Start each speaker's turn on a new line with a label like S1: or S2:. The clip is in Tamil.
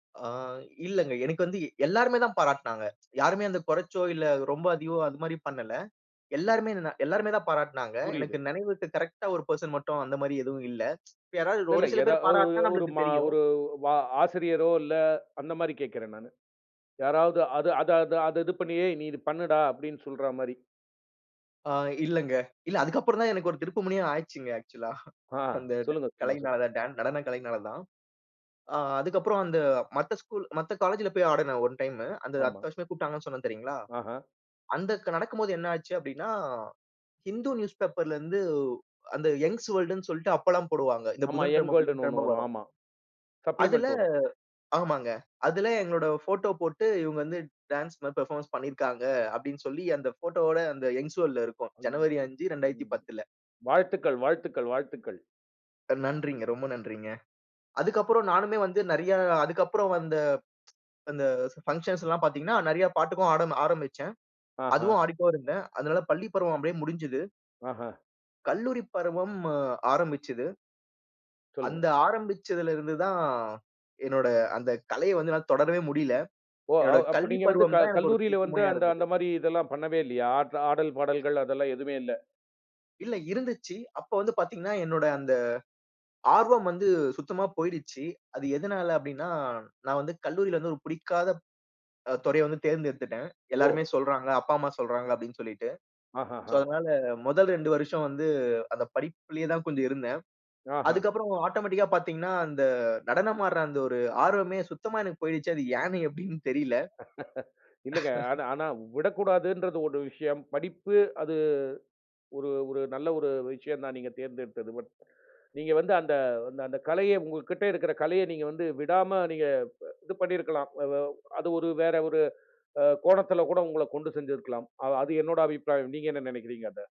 S1: ஆ, இல்லங்க. எனக்கு வந்து எல்லாருமே தான் பாராட்டுனாங்க. யாருமே வந்து குறச்சோ! இல்ல ரொம்ப அதிகமோ! அதுமாரி பண்ணல. எல்லாருமே இதனரு எல்லாருமே தான் பாராட்னாங்க. எனக்கு
S2: புரியுது.
S1: நெனைவு இருக்கு, கரெக்ட்டா ஒரு பர்சன் மட்டும் அந்தமாரி எதுவும் இல்ல இப்ப யாராவது
S2: இல்ல,
S1: ஒரு
S2: இல்ல.
S1: சில
S2: எதா
S1: பேரு
S2: அ
S1: பாராட்னா
S2: ஒரு,
S1: நம்மளுக்கு
S2: ம
S1: தெரியும்.
S2: ஒரு, வ ஆசிரியரோ இல்ல, அந்தமாரி கேக்குறேன் நானு. யாராவது அத அத அத, இது பண்ணியே! நீ இது பண்ணுடா! அப்பிடின்னு சொல்றமாரி.
S1: ஆ, இல்லங்க, இல்ல அதுக்கப்புறம் தான் எனக்கு ஒரு திருப்புமுனையா ஆச்சுங்க, ஆக்ஷூலா
S2: ஆ,
S1: அந்த
S2: சொல்லுங்க. சும்மா சொல்லுங்க.
S1: கலைனால, டா நடன கலையினால தான். ஆ, அதுக்கப்புறம் அந்த மத்த ஸ்கூல் மத்த காலேஜில போயி ஆடுனேன் ஒன் டைமு அந்த
S2: ஆமா.
S1: அடுத்த வருஷமே கூப்ட்டாங்கன்னு சொன்னேன் தெரியுங்களா!
S2: ஆஹா!
S1: அந்த நடக்கும்போது என்னா ஆச்சு அப்பிடின்னா, ஹிந்து நியூஸ்பேப்பர்ல இருந்து அந்த யங்ஸ் வேர்ல்டுன்னு சொல்ட்டு அப்பலாம் போடுவாங்க. இந்த
S2: ஆமா, யங்
S1: புதன்கிழமை,
S2: வேர்ல்டுனு 1
S1: புதன்கிழமை
S2: வரும்,
S1: வரும்.
S2: ஆமா.
S1: அதுல
S2: சப்ளிமெண்ட் வரும்.
S1: ஆமாங்க. அதுல எங்களோட போட்டோ போட்டு இவுங்க வந்து டான்ஸ் [unintelligible] பெர்ஃபார்மன்ஸ் பண்ணியிருக்காங்க, அப்பிடின்னு சொல்லி அந்த போட்டோவோட அந்த யங்ஸ் வேர்ல்டுல இருக்கும் ஜனவரி 5, 2010ல.
S2: வாழ்த்துக்கள், வாழ்த்துக்கள், வாழ்த்துக்கள்!
S1: அ நன்றிங்க, ரொம்ப நன்றிங்க. அதுக்கப்பறம் நானுமே வந்து நெறையா அதுக்கப்பறம் வந்த அந்த பங்க்ஷன்ஸ்லாம் பாத்தீங்கன்னா, நெறையா பாட்டுக்கும் ஆட ஆரம்பிச்சேன்.
S2: ஆஹா!
S1: அதுவும் ஆடிட்டு தான் இருந்தேன். அதனால பள்ளி பருவம் அப்பிடியே முடிஞ்சுது.
S2: ஆஹா!
S1: கல்லூரி பருவம் அ ஆரம்பிச்சிது.
S2: சொல்லுங்க.
S1: அந்த ஆரம்பிச்சிதுல இருந்து தான், என்னோட அந்த கலைய வந்து என்னால தொடரவே முடியல.
S2: ஓ!
S1: என்னோட
S2: அவ் அப்ப
S1: கல்லூரி
S2: நீங்க வந்து, க
S1: பருவம் தான் எனக்கு ஒரு
S2: கல்லூரில வந்து
S1: திருப்புமுனையா
S2: அந்த,
S1: இருந்தது.
S2: அந்தமாரி இதெல்லாம் பண்ணவே இல்லயா? ஆட் ஆடல், பாடல்கள் அதெல்லாம் எதுமே இல்ல!
S1: இல்ல. இருந்துச்சி, அப்ப வந்து பாத்தீங்கன்னா, என்னோட அந்த ஆர்வம் வந்து சுத்தமா போயிருச்சி. அது எதனால அப்பிடின்னா, நான் வந்து கல்லூரில வந்து ஒரு புடிக்காத அ துறைய வந்து தேர்ந்தெடுத்துட்டேன். எல்லாருமே
S2: ஓ!
S1: சொல்றாங்க. அப்பா, அம்மா சொல்றாங்க அப்பிடின்னு சொல்லிட்டு.
S2: ஆஹா!
S1: சோ,
S2: ஹ!
S1: அதனால முதல் 2 வருஷம் வந்து அந்த படிப்பிலே தான் கொஞ்சம் இருந்தேன்.
S2: ஆஹா!
S1: அதுக்கப்புறம் ஆட்டோமேட்டிக்கா பார்த்தீங்கன்னா, அந்த நடனமாடுற அந்த ஒரு ஆர்வமே சுத்தமா எனக்கு போயிருச்சி, அது ஏன்னு எப்பிடின்னு தெரியல.
S2: இல்லங்க. ஆனா, ஆனா விடக்கூடாதுன்றது ஒரு விஷயம், படிப்பு அது ஒரு ஒரு நல்ல ஒரு விஷயம் தான் நீங்க தேர்ந்தெடுத்தது. பட், நீங்க வந்து அந்த, அந்த, அந்த கலைய உங்கக்கிட்ட இருக்கிற கலைய நீங்க வந்து விடாம நீங்க, ப இது பண்ணியிருக்கலாம். அதா அது ஒரு வேற ஒரு, அ, கோணத்துல, கூட உங்கள கொண்டு செஞ்சிருக்கலாம். அது, அது என்னோட அபிப்ராயம், நீங்க என்ன நெனைக்கிறீங்க அத?